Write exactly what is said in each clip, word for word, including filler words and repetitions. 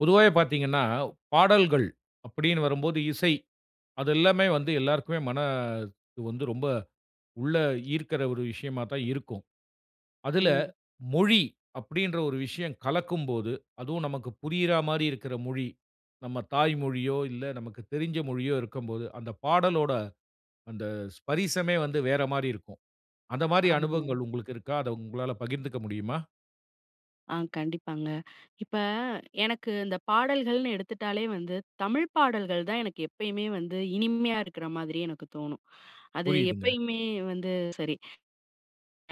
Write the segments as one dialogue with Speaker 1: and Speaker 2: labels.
Speaker 1: பொதுவாவே பார்த்தீங்கன்னா பாடல்கள் அப்படீன்னு வரும்போது இசை, அது எல்லாமே வந்து எல்லோருக்குமே மன வந்து ரொம்ப உள்ள ஈர்க்கற ஒரு விஷயமா தான் இருக்கும். அதுல
Speaker 2: ம்.
Speaker 1: மொழி அப்படீன்ற ஒரு விஷயம் கலக்கும்போது அதுவும் நமக்கு புரியற மாரி இருக்குற மொழி நம்ம தாய் மொழியோ இல்ல நமக்கு தெரிஞ்ச மொழியோ இருக்கும்போது "அந்த பாடலோட அந்த ஸ்பரிசமே வந்து வேற மாரி இருக்கும்." அந்த மாரி
Speaker 2: ஆமாங்க.
Speaker 1: அனுபவங்கள் உங்களுக்கு இருக்கா? அத உங்களால பகிர்ந்துக்க முடியுமா?
Speaker 2: ஆ கண்டிப்பாங்க. இப்ப எனக்கு இந்த பாடல்கள்ன்னு எடுத்துட்டாலே வந்து, தமிழ் பாடல்கள் தான் எனக்கு எப்பயுமே வந்து இனிமையா இருக்கிற மாதிரி எனக்கு தோனும். அது
Speaker 1: புரியுதுங்க.
Speaker 2: எப்பயுமே வந்து சரி.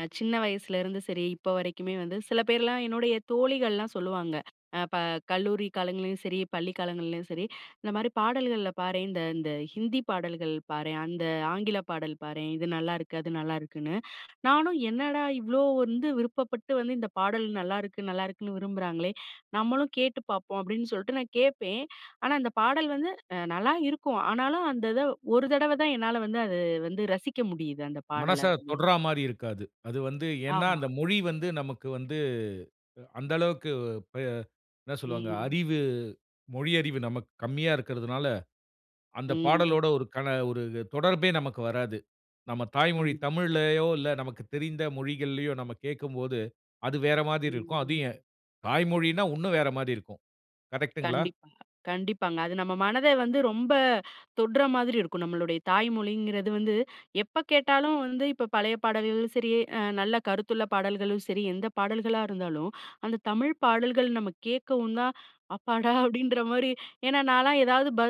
Speaker 2: அ சின்ன வயசுலேந்து சரி இப்ப வரைக்குமே வந்து சில பேர்லா என்னுடைய தோழிகள்லா சொல்லுவாங்க அ இப்ப கல்லூரி காலங்கள்லயும் சரி பள்ளி காலங்கள்லயும் சரி இந்த மாரி பாடல்கள்ல பாரேன். இந்த இந்த ஹிந்தி பாடல்கள் பாரேன் அந்த ஆங்கில பாடல் பாரேன் இது நல்லாயிருக்கு அது நல்லாயிருக்குன்னு. நானும் என்னடா இவ்வளோ வந்து விருப்பப்பட்டு வந்து இந்த பாடல் நல்லாருக்கு நல்லாருக்குன்னு விரும்புறாங்களே நம்மளும் கேட்டு பார்ப்போம், அப்படின்னு சொல்ட்டு நான் கேட்பேன். ஆனா அந்த பாடல் வந்து நல்லா இருக்கும். ஆனாலும் அந்த இத ஒரு தடவை தான் என்னால வந்து அதை வந்து ரசிக்க முடியுது அந்த
Speaker 1: மனச
Speaker 2: பாடல வந்து.
Speaker 1: தொடறா மாரி இருக்காது. அது வந்து ஏன்னா
Speaker 2: ஆமா.
Speaker 1: அந்த மொழி வந்து நமக்கு வந்து அந்த அளவுக்கு அ என்ன சொல்வாங்க
Speaker 2: ம்.
Speaker 1: அறிவு மொழியறிவு நமக்கு கம்மியா இருக்குறதுனால அந்த
Speaker 2: ம்.
Speaker 1: பாடலோடு ஒரு கண ஒரு தொடர்பே நமக்கு வராது. நம்ம தாய்மொழி
Speaker 2: ஆமா.
Speaker 1: தமிழ்லயோ இல்ல நமக்கு தெரிந்த மொழிகள்லயோ நம்ம கேட்கும்போது, அது வேற மாரி இருக்கும். அது
Speaker 2: ம்.
Speaker 1: தாய்மொழினா இன்னும் வேற மாதிரி இருக்கும். கரெக்டுங்களா?
Speaker 2: கண்டிப்பா, கண்டிப்பாங்க. அது நம்ம மனத வந்து ரொம்ப தொட்ற மாதிரி இருக்கும். நம்மளுடைய தாய்மொழிங்கிறது வந்து எப்ப கேட்டாலும் வந்து இப்போ பழைய பாடல்களும் சரி. அ நல்ல கருத்துள்ள பாடல்களும் சரி எந்த பாடல்களா இருந்தாலும், அந்த தமிழ் பாடல்கள் நம்ம கேட்கவும் தான் அப்பாடா அப்படின்ற மாரி. ஏன்னா நான்லா ஏதாவது ப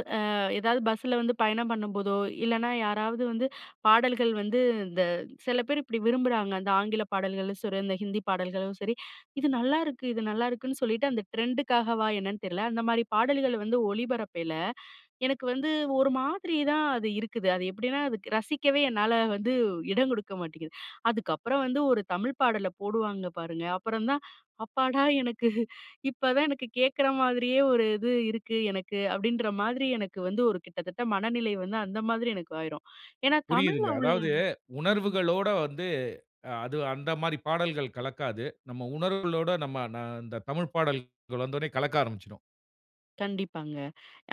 Speaker 2: ஏதாவது பஸ்ஸில வந்து பயணம் பண்ணும்போதோ இல்லைனா யாராவது வந்து பாடல்கள் வந்து இந்த சில பேரு இப்படி விரும்புறாங்க அந்த ஆங்கில பாடல்களும் சரி, அந்த ஹிந்தி பாடல்களும் சரி இது நல்லாயிருக்கு இது நல்லாயிருக்குன்னு சொல்லிட்டு அந்த ட்ரெண்டுக்காகவா என்னன்னு தெரியல. அந்த மாதிரி பாடல்கள் வந்து ஒளிபரப்பேயல எனக்கு வந்து ஒரு மாதிரி தான் அது இருக்குது. அது எப்படினா அது ரசிக்கவே என்னால வந்து இடம் கொடுக்க மாட்டேங்குது. அதுக்கப்புறம் வந்து ஒரு தமிழ் பாடல போடுவாங்க பாருங்க. அப்புறம் தான் அப்பாடா எனக்கு இப்ப தான் எனக்கு கேட்குற மாதிரியே ஒரு இது இருக்கு எனக்கு அப்படின்ற மாதிரி எனக்கு வந்து ஒரு கிட்டத்தட்ட மனநிலை வந்து அந்த மாதிரி எனக்கு ஆயிரும். ஏன்னா தமிழ்ல
Speaker 1: புரியுதுங்க.
Speaker 2: உள்ள
Speaker 1: அதாவது
Speaker 2: ம்.
Speaker 1: உணர்வுகளோட வந்து அது அந்த மாரி பாடல்கள் கலக்காது. நம்ம உணர்வுகளோட நம்ம ந இந்த தமிழ் பாடல்கள் வந்த உடனே கலக்க ஆரம்மிச்சுரும்.
Speaker 2: கண்டிப்பாங்க.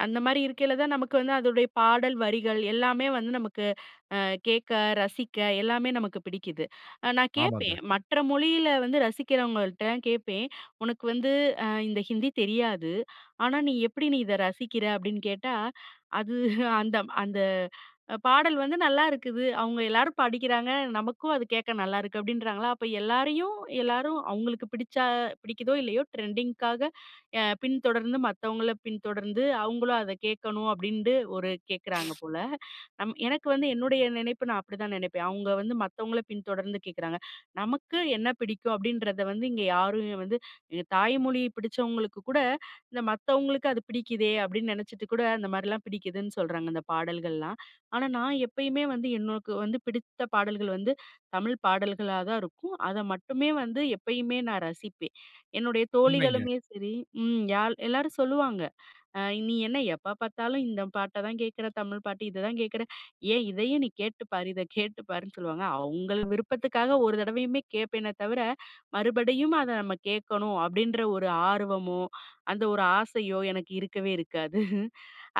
Speaker 2: அந்தமாரி இருக்கயில தான் நமக்கு வந்து அதோடைய பாடல் வரிகள் எல்லாமே வந்து, நமக்கு அ கேட்க ரசிக்க எல்லாமே நமக்கு பிடிக்குது. அ நான் கேட்பேன்.
Speaker 1: ஆமாங்க.
Speaker 2: மற்ற மொழியில வந்து ரசிக்கிறவங்கள்ட்டலாம் கேட்பேன். உனக்கு வந்து அ இந்த ஹிந்தி தெரியாது. ஆனா, நீ எப்படி நீ இத ரசிக்கிற? அப்பிடின்னு கேட்டா, அது அந்த, அந்த அ பாடல் வந்து நல்லாயிருக்குது. அவுங்க எல்லாரும் படிக்கிறாங்க. நமக்கும் அது கேட்க நல்லாயிருக்கு அப்பிடின்றாங்களா, அப்ப எல்லாரையும் எல்லாரும் அவுங்களுக்கு பிடிச்சா பிடிக்குதோ இல்லயோ ட்ரெண்டிங்குக்காக அ பின்தொடர்ந்து மத்தவங்கள பின்தொடர்ந்து அவுங்களும் அத கேட்கணும், அப்பிடின்ட்டு ஒரு கேட்குறாங்க போல. நம் எனக்கு வந்து என்னுடைய நினைப்பு நான் அப்பிடிதான் நினைப்பேன். அவுங்க வந்து மத்தவங்கள பின் தொடர்ந்து கேட்குறாங்க. நமக்கு என்ன பிடிக்கும் அப்பிடின்றத வந்து இங்க யாருமே வந்து எங்க தாய்மொழி பிடிச்சவங்களுக்கு கூட, இந்த மத்தவங்களுக்கு அது பிடிக்குதே அப்பிடின்னு நனச்சுட்டுகூட அந்த மாரிலாம் பிடிக்குதுன்னு சொல்றாங்க இந்த பாடல்கள்லாம். ஆனா, நான் எப்பயுமே வந்து எனக்கு வந்து பிடித்த பாடல்கள் வந்து தமிழ் பாடல்களா தான் இருக்கும். அத மட்டுமே வந்து எப்பயுமே நான் ரசிப்பேன். என்னுடைய
Speaker 1: உண்மைங்க.
Speaker 2: தோழிகளுமே சரி ம் யால் எல்லாரும் சொல்லுவாங்க. அ "நீ என்ன எப்ப பாத்தாலும் இந்த பாட்ட தான் கேட்கிற, தமிழ் பாட்டு இத தான் கேட்குற. ஏன் இதையும் நீ கேட்டுப்பாரு. இத கேட்டு பாருன்னு" சொல்லுவாங்க. அவுங்கள் விருப்பத்துக்காக ஒரு தடவையுமே கேட்பேனே தவிர, மறுபடியும் அத நம்ம கேட்கணும் அப்பிடின்ற ஒரு ஆர்வமோ அந்த ஒரு ஆசையோ எனக்கு இருக்கவே இருக்காது.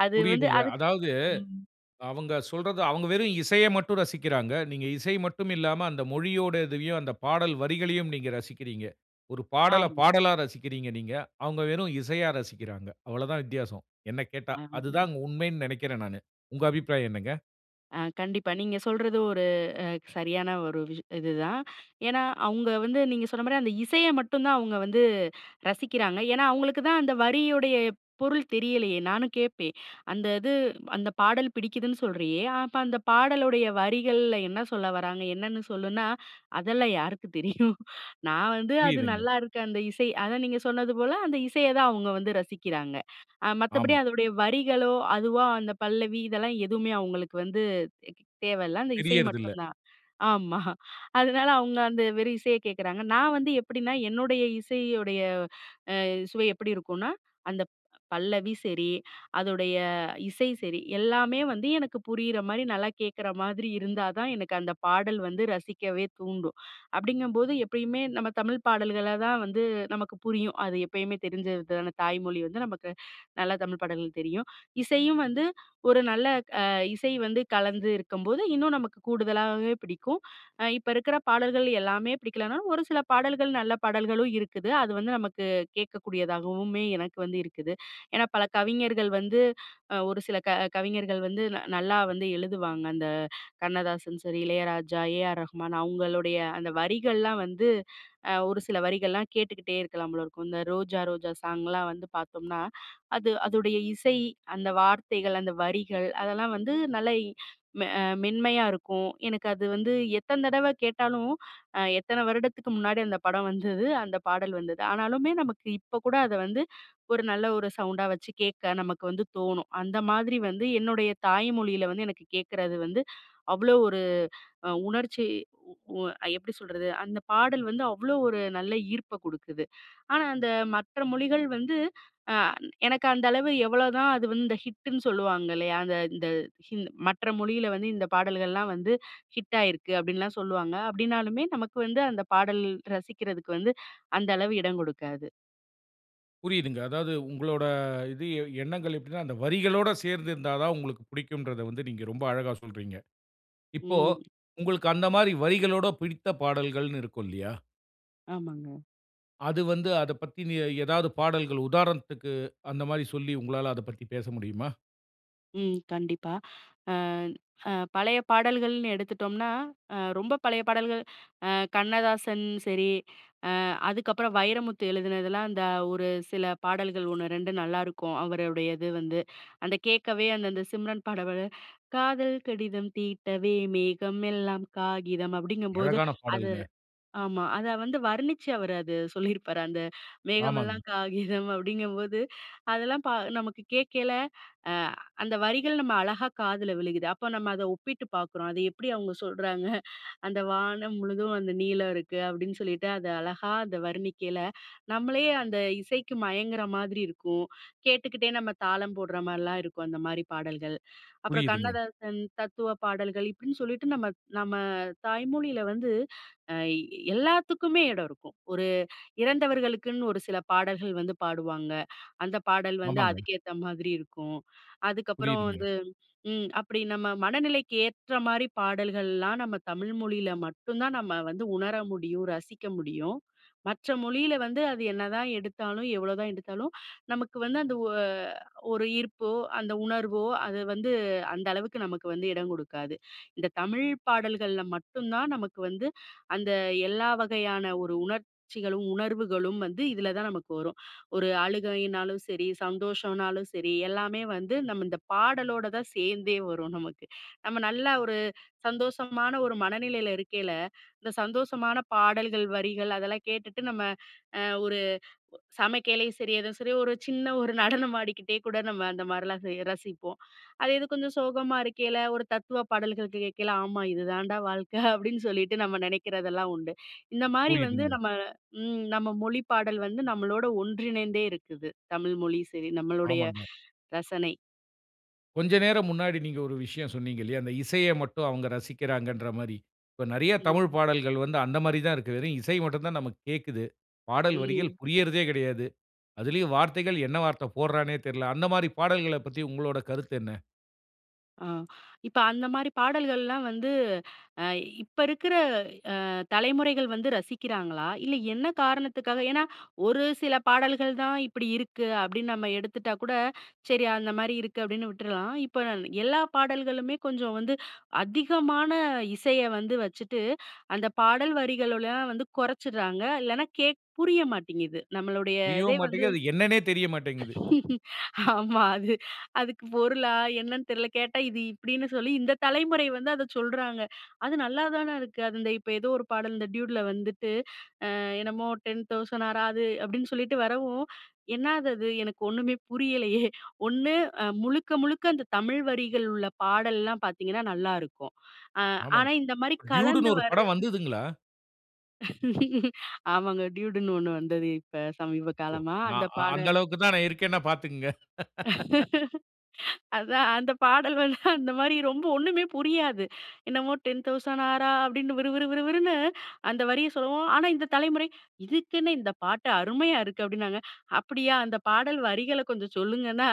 Speaker 2: அது வந்து
Speaker 1: புரியுதுங்க.
Speaker 2: அதுக்
Speaker 1: அதாவது
Speaker 2: ம்.
Speaker 1: அவுங்க சொல்றத அவுங்க வெறும் இசைய மட்டும் ரசிக்கிறாங்க. நீங்க இசை மட்டும் இல்லாம, அந்த மொழியோட இதையும் அந்த பாடல் வரிகளையும் நீங்க ரசிக்கிறீங்க. ஒரு பாடல
Speaker 2: ஆமா.
Speaker 1: பாடலா ரசிக்கிறீங்க நீங்க. அவுங்க வெறும் இசையா ரசிக்கிறாங்க. அவளதான் வித்தியாசம், என்ன கேட்டா.
Speaker 2: ஆமா.
Speaker 1: அதுதான் உண்மைன்னு நினைக்கிறேன் நானு. உங்க அபிப்பிராயம் என்னங்க?
Speaker 2: அ, கண்டிப்பா. நீங்க சொல்றது ஒரு அ சரியான ஒரு விஷ் இதுதான். ஏன்னா அவங்க வந்து நீங்க சொன்ன மாரி அந்த இசைய மட்டும் தான் அவங்க வந்து ரசிக்கிறாங்க. ஏனா அவங்களுக்கு தான் அந்த வரியுடைய பொருள் தெரியலையே! நானும் கேட்பேன். அந்த இது அந்த பாடல் பிடிக்குதுன்னு சொல்றியே, அப்ப அந்த பாடலுடைய வரிகள்ல என்ன சொல்ல வராங்க? என்னன்னு சொல்லுனா, "அதெல்லாம் யாருக்கு தெரியும். நான் வந்து அது
Speaker 1: புரியிதுங்க.
Speaker 2: நல்லாருக்கு அந்த இசை." அதான் நீங்க சொன்னது போல அந்த இசைய தான் அவங்க வந்து ரசிக்கிறாங்க. அ மத்தபடி
Speaker 1: ஆமா.
Speaker 2: அதோடைய வரிகளோ, அதுவா அந்த பல்லவி இதெல்லாம் எதுவுமே அவங்களுக்கு வந்து தேகி தேவையில்ல அந்த இசை
Speaker 1: தெரியறதில்ல.
Speaker 2: மட்டுந்தான். ஆமா அதனால அவங்க அந்த வெறும் இசைய கேட்கறாங்க. நான் வந்து எப்டின்னா, என்னுடைய இசையுடைய அ சுவை எப்டி இருக்குன்னா? அந்த பல்லவி சரி, அதோடைய இசை சரி, எல்லாமே வந்து எனக்கு புரியிற மாரி நல்லா கேட்குற மாதிரி இருந்தா தான் எனக்கு அந்த பாடல் வந்து ரசிக்கவே தூண்டும். அப்டிங்கம்போது எப்பயுமே நம்ம தமிழ் பாடல்கள தான் வந்து நமக்கு புரியும். அது எப்பயுமே தெரிஞ்சthuதான? தாய்மொழி வந்து நமக்கு நல்ல தமிழ் பாடல்கள் தெரியும். இசையும் வந்து ஒரு நல்ல அ இசை வந்து கலந்து இருக்கும்போது இன்னும் நமக்கு கூடுதலாவே பிடிக்கும். அ இப்ப இருக்குற பாடல்கள் எல்லாமே பிடிக்கலன்னாலும், ஒரு சில பாடல்கள் நல்ல பாடல்களும் இருக்குது. அது வந்து நமக்கு கேட்கக்கூடியதாகவுமே எனக்கு வந்து இருக்குது. ஏனா பல கவிஞர்கள் வந்து அ ஒரு சில க கவிஞர்கள் வந்து ந நல்லா வந்து எழுதுவாங்க அந்த கண்ணதாசன் சரி, இளையராஜா, ஏஆர் ரகுமான் அவங்களுடைய அந்த வரிகள்லாம் வந்து அ ஒரு சில வரிகள்லாம் கேட்டுக்கிட்டே இருக்கலாம் போல இருக்கும். இந்த "ரோஜா, ரோஜா" சாங்லாம் வந்து பாத்தோம்னா, அது அதோடைய இசை அந்த வார்த்தைகள், அந்த வரிகள் அதெல்லாம் வந்து நல்லா இ அ மென்மையா இருக்கும். எனக்கு அது வந்து எத்தன் தடவ கேட்டாலும் அ எத்தன வருடத்துக்கு முன்னாடி அந்த படம் வந்தது? அந்த பாடல் வந்தது? ஆனாலுமே நமக்கு இப்ப கூட அத வந்து ஒரு நல்ல ஒரு சவுண்டா வச்சு கேட்க நமக்கு வந்து தோணும். அந்த மாதிரி வந்து என்னுடைய தாய் மொழியில வந்து எனக்கு கேட்கறது வந்து அவ்ளோ அ ஒரு உணர்ச்சி உ அ எப்டி சொல்றது? அந்த பாடல் வந்து அவ்ளோ ஒரு நல்ல ஈர்ப்ப குடுக்குது. ஆனா அந்த மற்ற மொழிகள் வந்து அ எனக்கு அந்த அளவு எவ்வளோதான் அது வந்து இந்த ஹிட்டுன்னு சொல்லுவாங்கல்லையா? அந்த இந்த ஹி மற்ற மொழியில வந்து இந்த பாடல்கள்லாம் வந்து ஹிட் ஆயிருக்கு அப்டின்லாம் சொல்லுவாங்க. அப்டினாலுமே, நமக்கு வந்து அந்த பாடல் ரசிக்கிறதுக்கு வந்து அந்த அளவு இடம் கொடுக்காது.
Speaker 1: புரியிதுங்க. அதாவது உங்களோட, இது எ எண்ணங்கள் எப்டினா, அந்த வரிகளோட சேர்ந்திருந்தா தான் உங்களுக்கு பிடிக்கும்ன்றத வந்து நீங்க ரொம்ப அழகா சொல்றீங்க. இப்போ,
Speaker 2: ம்.
Speaker 1: உங்களுக்கு அந்த மாரி வரிகளோட பிடித்த பாடல்கள்னு இருக்கும் இல்லியா?
Speaker 2: ஆமாங்க.
Speaker 1: அது வந்து அத பத்தி நீ எதாவது பாடல்கள் உதாரணத்துக்கு, அந்த மாரி சொல்லி உங்களால அத பத்தி பேச முடியுமா?
Speaker 2: ம் கண்டிப்பா. அ அ பழைய பாடல்கள்னு எடுத்துட்டோம்னா, அ ரொம்ப பழைய பாடல்கள், அ கண்ணதாசன் சரி, அ அதுக்கப்பறம் வைரமுத்து எழுதுனதெல்லாம், இந்த ஒரு சில பாடல்கள் ஒண்ணு, ரெண்டு நல்லா இருக்கும் அவருடையது வந்து. அந்த கேட்கவே, அந்த அந்த சிம்ரன் பாடல காதல் கடிதம் தீட்டவே, மேகமெல்லாம் காகிதம். அப்டிங்கும்போது
Speaker 1: அழகான
Speaker 2: அது
Speaker 1: பாடல்ங்க.
Speaker 2: ஆமா. அத வந்து வர்ணிச்சு அவரு அது சொல்லிருப்பாரு. அந்த மேகமெல்லாம்
Speaker 1: ஆமாங்க.
Speaker 2: காகிதம் அப்டிங்கும்போது, அதெல்லாம் ப நமக்கு கேட்கைல அ அந்த வரிகள் நம்ம அழகா காதுல விழுகுது. அப்ப நம்ம அத ஒப்பிட்டு பாக்குறோம். அது எப்டி அவங்க சொல்றாங்க? அந்த வானம் முழுதும் வந்து நீலம் இருக்கு. அப்டின்னு சொல்லிட்டு அது அழகா அந்த வர்ணிக்கையில, நம்மளே அந்த இசைக்கு மயங்குற மாதிரி இருக்கும். கேட்டுக்கிட்டே நம்ம தாளம் போடுற மாரிலாம் இருக்கும். அந்த மாதிரி பாடல்கள். அப்றம்
Speaker 1: புரியுதுங்க.
Speaker 2: கண்ணதாசன் தத்துவ பாடல்கள் இப்டின்னு சொல்லிட்டு, நம்ம நம்ம தாய்மொழில வந்து அ எல்லாத்துக்கும் எடம் இருக்கும். ஒரு இறந்தவர்களுக்குனு ஒரு சில பாடல்கள் வந்து பாடுவாங்க. அந்த பாடல் வந்து
Speaker 1: ஆமாங்க.
Speaker 2: அதுக்கு ஏத்த மாதிரி இருக்கும். அதுக்கப்பறம்
Speaker 1: புரியுதுங்க.
Speaker 2: வந்து ம் அப்டி நம்ம மனநிலைக்கு ஏற்ற மாரி பாடல்கள்லாம், நம்ம தமிழ் மொழில மட்டும்தான் நம்ம வந்து உணர முடியும், ரசிக்க முடியும். மற்ற மொழில வந்து அது என்னதான் எடுத்தாலும், எவ்வளோதான் எடுத்தாலும், நமக்கு வந்து அந்த ஒ ஒரு ஈர்ப்போ அந்த உணர்வோ, அது வந்து அந்த அளவுக்கு நமக்கு வந்து எடம் குடுக்காது. இந்த தமிழ் பாடல்கள்ல மட்டும்தான் நமக்கு வந்து, அந்த எல்லா வகையான ஒரு உணர்ச்சிகளும், உணர்வுகளும் வந்து இதுலதான் நமக்கு வரும். ஒரு அழுகைன்னாலும் சரி, சந்தோஷம்னாலும் சரி, எல்லாமே வந்து நம் இந்த பாடலோடதான் சேர்ந்தே வரும் நமக்கு. நம்ம நல்ல ஒரு சந்தோஷமான ஒரு மனநிலைல இருக்கைல, இந்த சந்தோஷமான பாடல்கள், வரிகள், அதெல்லாம் கேட்டுட்டு, நம்ம அ ஒரு சமைக்கையிலயும் சரி, ஏதோ சரி ஒரு சின்ன ஒரு நடனமாடிக்கிட்டே கூட நம்ம இந்த மாரிலாம் செய் ரசிப்போம். அதே இது கொஞ்சம் சோகமா இருக்கேல, ஒரு தத்துவ பாடல்கள் கேட்கேல, ஆமா, இதுதான்டா வாழ்க்க! அப்டின்னு சொல்லிட்டு நம்ம நெனைக்றதெல்லாம் உண்டு. இந்த மாரி வந்து
Speaker 1: புரியுதுங்க.
Speaker 2: நம்ம ம் நம்ம மொழிப் பாடல் வந்து நம்மளோட ஒன்றிணைந்தே இருக்குது. தமிழ் மொழியும் சரி நம்மளுடைய
Speaker 1: ஆமாங்க.
Speaker 2: ரசனை.
Speaker 1: கொஞ்சம் நேரம் முன்னாடி நீங்க ஒரு விஷயம் சொன்னீங்க இல்லயா, அந்த இசையை மட்டும் அவங்க ரசிக்கிறாங்ன்ற மாரி. இப்போ நிறைய தமிழ்
Speaker 2: ம்.
Speaker 1: பாடல்கள் வந்து அந்த மாரி தான் இருக்கு. வெறும் இசை மட்டும் தான் நமக்கு கேட்குது. பாடல் வரிகள்
Speaker 2: ம்.
Speaker 1: புரியறதே கிடையாது. அதிலயும் வார்த்தைகள் என்ன வார்த்தை போடுறான்னே தெரியல. அந்த மாரி பாடல்களைப் பத்தி உங்களோட கருத்து என்ன?
Speaker 2: ஆ இப்போ அந்த மாதிரி பாடல்கள்லாம் வந்து அ இப்போ இருக்கிற அ தலைமுறைகள் வந்து ரசிக்கிறாங்களா? இல்ல என்ன காரணத்துக்காக, ஏன்னா ஒரு சில பாடல்கள் தான் இப்படி இருக்கு. அப்படின்னு நம்ம எடுத்துட்டா கூட சரி அந்த மாதிரி இருக்கு. அப்படின்னு விட்றலாம். இப்போ எல்லா பாடல்களுமே கொஞ்சம் வந்து அதிகமான இசைய வந்து வச்சுட்டு அந்த பாடல் வரிகள்லாம் வந்து குறைச்சிடுறாங்க. இல்லேன்னா கேக் புரிய மாட்டேங்குது. நம்மளுடைய இதே
Speaker 1: புரியவும்
Speaker 2: வந்து
Speaker 1: மாட்டேங்குது. அது என்னன்னே தெரியமாட்டேங்குது.
Speaker 2: ஆமா, அது அதுக்கு பொருளா என்னன்னு தெரியல. கேட்டா இது இப்படின்னு சொல்லி இந்த தலைமுறை வந்து அதை சொல்றாங்க. அது நல்லாதானே இருக்கு. அது இந்த இப்போ ஏதோ ஒரு பாடல் இந்த டியூட்டில வந்துட்டு என்னமோ, டென் தௌசண்ட் ஆராது அப்படின்னு சொல்லிட்டு வரவும். என்னாது அது எனக்கு ஒன்னுமே புரியலையே! ஒண்ணு முழுக்க முழுக்க அந்த தமிழ் வரிகள் உள்ள பாடல்லாம் பார்த்தீங்கன்னா, நல்லாயிருக்கும்.
Speaker 1: ஆமாம்.
Speaker 2: ஆனா இந்த மாதிரி கலந்து
Speaker 1: டியூடுன்னு ஒரு படம்
Speaker 2: வரது
Speaker 1: வந்ததுங்களா?
Speaker 2: ஆமாங்க டூயுடுன்னு ஒண்ணு வந்ததே இப்ப சமீப
Speaker 1: ஓ!
Speaker 2: காலமா. அந்த
Speaker 1: நான் அ
Speaker 2: பாட
Speaker 1: அந்த அளவுக்கு தான் நான் இருக்கேன்னா பாத்துக்கங்க.
Speaker 2: அதான் அந்த பாடல் வந்து அந்த மாரி ரொம்ப ஒண்ணுமே புரியாது. என்னமோ "டென் தௌசண்ட் ஆரா" அப்டின்னு விறு விறு விறு விறுன்னு அந்த வரிய சொல்லவும். ஆனா இந்த தலைமுறை "இதுக்கென்ன! இந்த பாட்டு அருமையா இருக்குது!" அப்டின்னாங்க. "அப்டியா, அந்த பாடல் வரிகள கொஞ்சம் சொல்லுங்கன்னா,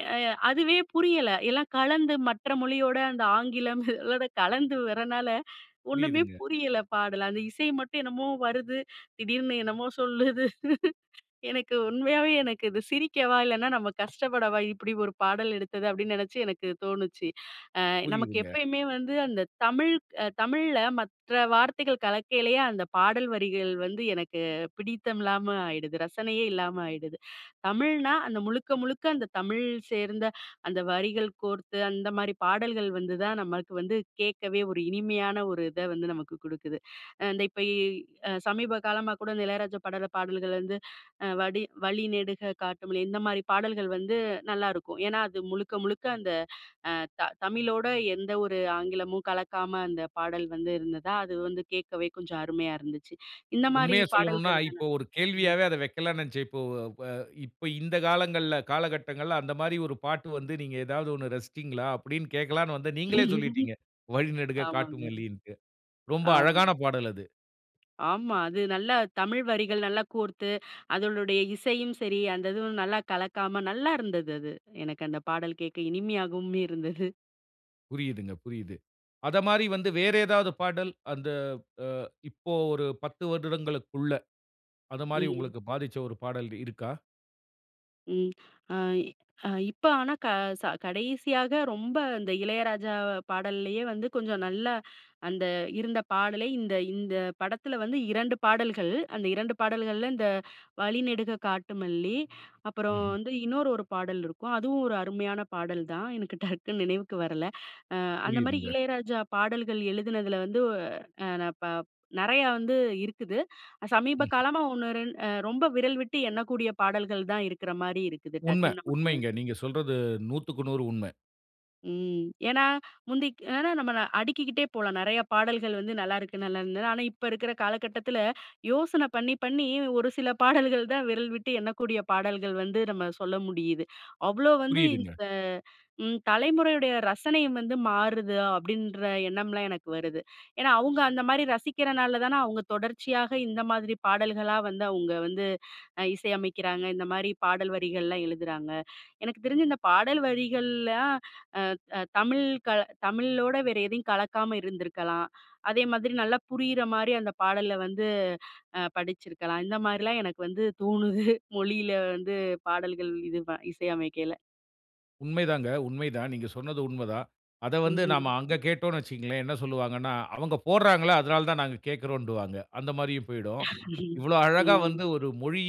Speaker 2: எ அதுவே புரியல. எல்லாம் கலந்து மற்ற மொழியோட அந்த ஆங்கிலம் அதோட கலந்து வரனால ஒண்ணுமே
Speaker 1: புரியுதுங்க.
Speaker 2: புரியல பாடல். அந்த இசை மட்டும் என்னமோ வருது. திடீர்னு என்னமோ சொல்லுது. எனக்கு உண்மையாவே எனக்கு இது சிரிக்கவா? இல்லனா நம்ம கஷ்டப்படவா? இப்டி ஒரு பாடல் எடுத்தது அப்டின்னு நினச்சு எனக்கு தோணுச்சு. அ நமக்கு
Speaker 1: புரியுதுங்க.
Speaker 2: எப்பயுமே வந்து அந்த தமிழ் அ தமிழ்ல மற்ற வார்த்தைகள் கலக்கையிலயே, அந்த பாடல் வரிகள் வந்து எனக்கு பிடித்தம் இல்லாம ஆயிடுது. ரசனையே இல்லாம ஆயிடுது. தமிழ்னா அந்த முழுக்க முழுக்க அந்த தமிழ் சேர்ந்த அந்த வரிகள் கோர்த்து அந்த மாரி பாடல்கள் வந்து தான், நமக்கு வந்து கேட்கவே ஒரு இனிமையான ஒரு இத வந்து நமக்கு கொடுக்குது. அ இந்த இப்ப இ அ சமீப காலமா கூட இந்த இளையராஜா பாடல் பாடல்கள் வந்து, வடி "வழி நெடுக காட்டு மல்லி," இந்த மாரி பாடல்கள் வந்து நல்லாயிருக்கும். ஏன்னா, அது முழுக்க முழுக்க அந்த அ த தமிழோட எந்த ஒரு ஆங்கிலமும் கலக்காம அந்த பாடல் வந்து இருந்ததா, அது வந்து கேட்கவே கொஞ்சம் அருமையா இருந்துச்சு. இந்த மாரி
Speaker 1: உண்மைய சொல்லணும்ன்னா,
Speaker 2: பாடல்கள் தான
Speaker 1: இப்போ ஒரு
Speaker 2: ம்.
Speaker 1: கேள்வியாவே அத வக்கலானு நினைச்சேன். இப்போ ப இப்ப இந்த காலங்கள்ல காலகட்டங்கள்ல அந்த மாரி ஒரு பாட்டு வந்து, நீங்க ஏதாவது ஒண்ணு ரசிச்சீங்களா அப்டின்னு கேட்கலான்னு வந்தேன். நீங்களே சொல்லிட்டீங்க. "வழி நெடுக
Speaker 2: ஆமாங்க.
Speaker 1: காட்டுமல்லின்ட்டு." ரொம்ப
Speaker 2: ஆமா.
Speaker 1: அழகான பாடல் அது.
Speaker 2: ஆமா. அது நல்லா தமிழ் வரிகள் நல்லா கோர்த்து அதனுடைய இசையும் சரி அந்த இதுவும் நல்லா கலக்காம நல்லா இருந்தது அது. எனக்கு அந்த பாடல் கேட்க இனிமையாகவுமே இருந்தது.
Speaker 1: புரியுதுங்க, புரியுது. அதமாதிரி வந்து
Speaker 2: ம்.
Speaker 1: வேற ஏதாவது பாடல்? அந்த ஆ இப்போ ஒரு பத்து வருடங்களுக்குள்ள அத மாரி
Speaker 2: ம்.
Speaker 1: உங்களுக்கு பாதிச்ச ஒரு பாடல் இருக்கா?
Speaker 2: ம். ஆ, ஆ. இப்ப ஆனா க ச கடைசியாக ரொம்ப இந்த இளையராஜா பாடலேயே வந்து கொஞ்சம் நல்ல அந்த இருந்த பாடலே இந்த இந்த படத்துல வந்து இரண்டு பாடல்கள், அந்த இரண்டு பாடல்கள்ல இந்த, "வழிநெடுக காட்டு மல்லி" அப்புறம்
Speaker 1: ம்ஹ்ம்.
Speaker 2: வந்து இன்னொரு ஒரு பாடல் இருக்கும். அதுவும் ஒரு அருமையான பாடல் தான். எனக்கு டக்குன்னு நினைவுக்கு வரல. ஆ அந்தமாரி
Speaker 1: புரியுதுங்க.
Speaker 2: இளையராஜா பாடல்கள் எழுதுனதுல வந்து ஆ ந ப நெறையா வந்து இருக்குது. சமீப
Speaker 1: ம்ஹ்ம்.
Speaker 2: காலமா ஒண்ணு ரெண் அ ரொம்ப விரல் விட்டு எண்ணக்கூடிய பாடல்கள் தான் இருக்குற மாரி இருக்குது.
Speaker 1: உண்ம,
Speaker 2: டக்குன்னு நமக்கு
Speaker 1: உண்மைங்க.
Speaker 2: நினைவுக்கு
Speaker 1: நீங்க
Speaker 2: [unintelligible]
Speaker 1: சொல்றது நூத்துக்கு நூறு உண்ம.
Speaker 2: ம். ஏனா முந்திக் அ ந நம்ம அடிக்கிக்கிட்டே போலாம் நெறைய பாடல்கள் வந்து, "நல்லாருக்கு! நல்லா இருந்தது!" ஆனா இப்ப இருக்குற காலகட்டத்துல யோசன பண்ணி பண்ணி ஒரு சில பாடல்கள் தான் விரல் விட்டு எண்ணக்கூடிய பாடல்கள் வந்து நம்ம சொல்ல முடியிது. அவ்வளோ வந்து
Speaker 1: புரியுதுங்க.
Speaker 2: இந்த ம் தலைமுறையுடைய ரசனையும் வந்து மாறுதா? அப்டின்ற எண்ணம்லாம் எனக்கு வருது. ஏனா அவங்க அந்த மாரி ரசிக்கிறனால அவங்க தொடர்ச்சியாக இந்த மாதிரி பாடல்களா வந்து அவங்க வந்து இசையமைக்கிறாங்க, இந்த மாரி பாடல் வரிகள்லாம் எழுதுறாங்க. எனக்கு தெரிஞ்சு இந்த பாடல் வரிகள்லாம் ஆ ஆ தமிழ் க தமிழோட வேற எதையும் கலக்காம இருந்திருக்கலாம். அதே மாதிரி நல்லா புரியிற மாரி அந்த பாடல்ல வந்து ஆ படிச்சுருக்கலாம். இந்த மாரிலாம் எனக்கு வந்து தோணுது மொழியில வந்து பாடல்கள் இது இசையமைக்கேயில.
Speaker 1: உண்மைதாங்க, உண்மைதான். நீங்க சொன்னது உண்மதான். அத வந்து நம்ம
Speaker 2: ம்.
Speaker 1: அங்க கேட்டோன்னு வச்சிக்கோங்களேன். என்ன சொல்லுவாங்கன்னா, "அவங்க போட்றாங்களா அதனால தான் நாங்க கேட்கிறோம்"ன்டுவாங்க அந்த மாரியும் போயிடும். இவ்வளோ அழகா வந்து
Speaker 2: ம்.
Speaker 1: ஒரு மொழி,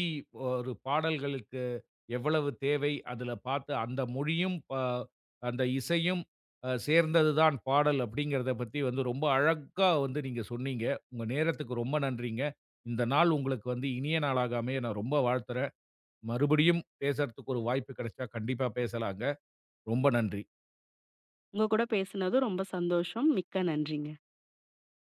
Speaker 1: ஒரு பாடல்களுக்கு எவ்வளவு தேவை? அதுல பார்த்து அந்த மொழியும், ப அந்த இசையும் அ சேர்ந்தது தான் பாடல், "அப்டிங்கறத" பத்தி வந்து ரொம்ப அழகா வந்து நீங்க சொன்னீங்க. உங்க நேரத்துக்கு ரொம்ப நன்றிங்க. இந்த நாள் உங்களுக்கு வந்து இனிய நாளாக அமைய நான் ரொம்ப வாழ்த்துறேன். மறுபடியும் பேசறதுக்கு ஒரு வாய்ப்பு கெடச்சா, கண்டிப்பா பேசலாங்க. ரொம்ப நன்றி.
Speaker 2: உங்க கூட பேசினதும் ரொம்ப சந்தோஷம். மிக்க நன்றிங்க.